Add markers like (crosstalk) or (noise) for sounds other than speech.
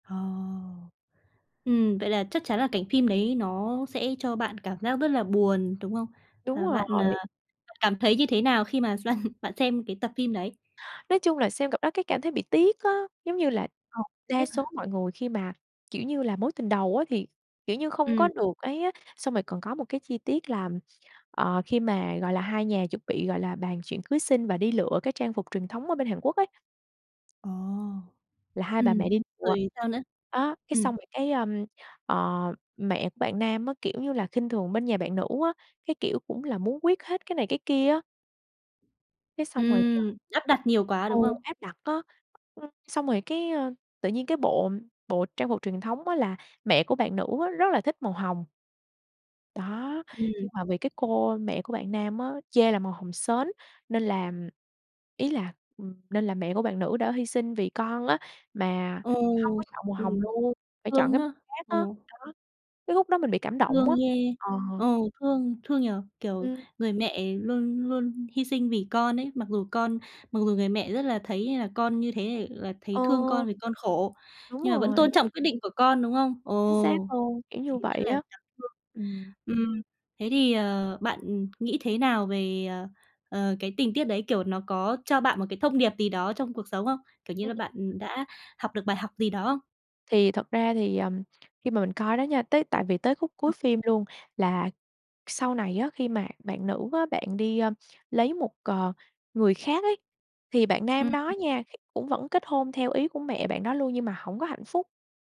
Ờ. Ừm, vậy là chắc chắn là cảnh phim đấy nó sẽ cho bạn cảm giác rất là buồn, đúng không? Đúng Và bạn, ờ, rồi. cảm thấy như thế nào khi mà bạn bạn xem cái tập phim đấy? Nói chung là xem cặp đó cái cảm thấy bị tiếc á, giống như là, Ờ, đa tiếc số hả? mọi người khi mà, kiểu như là, mối tình đầu á thì, kiểu như, không có Ừm. được ấy á, xong rồi còn có một cái chi tiết là, ờ, khi mà, gọi là, hai nhà chuẩn bị, gọi là, bàn chuyện cưới xin và đi lựa cái trang phục truyền thống ở bên Hàn Quốc ấy Ồ, là hai bà ừm, mẹ đi lựa, rồi sao nữa? đó, cái Ừm. xong rồi cái, ơm, ờ, mẹ của bạn nam á, kiểu như là, khinh thường bên nhà bạn nữ á, cái kiểu, cũng là muốn quyết hết cái này cái kia á. Cái xong rồi, ờ Ừm, áp đặt nhiều quá, ừ, đúng không? áp đặt á. Ừm, xong rồi cái, ơ, tự nhiên cái bộ bộ trang phục truyền thống á là mẹ của bạn nữ á rất là thích màu hồng. Đó, nhưng Ừm. mà vì cái cô mẹ của bạn nam á chê là màu hồng sến, nên là ý là, ừm, nên là mẹ của bạn nữ đã hy sinh vì con á mà Ờ, hông có chọn màu hồng ừm, luôn, phải chọn thương cái đó, màu khác á. ừm. Đó, cái khúc đó mình bị cảm động Thương á, ghê, ờ. ờ, thương, thương nhỉ. Kiểu, Ừm. người mẹ luôn luôn hy sinh vì con ấy, mặc dù con mặc dù người mẹ rất là thấy như là con như thế là Ờ. thấy thương con vì con khổ, Đúng nhưng mà vẫn rồi. tôn trọng quyết định của con, đúng không? Chính xác Ồ, luôn! Kiểu thì như rất vậy là á. đáng thương. Ừm. Ừm, thế thì, ờ, bạn nghĩ thế nào về, ờ, ờ, cái tình tiết đấy? Kiểu, nó có cho bạn một cái thông điệp gì đó trong cuộc sống không? Kiểu như là, bạn đã học được bài học gì đó không? Thì thật ra thì, ờm, khi mà mình coi đó nha, tới tại vì tới khúc cuối phim luôn là sau này á, khi mà bạn nữ á, bạn đi, ơ, lấy một, ờ, người khác ấy, thì bạn nam Ừm. đó nha (unintelligible) cũng vẫn kết hôn theo ý của mẹ bạn đó luôn, nhưng mà hổng có hạnh phúc.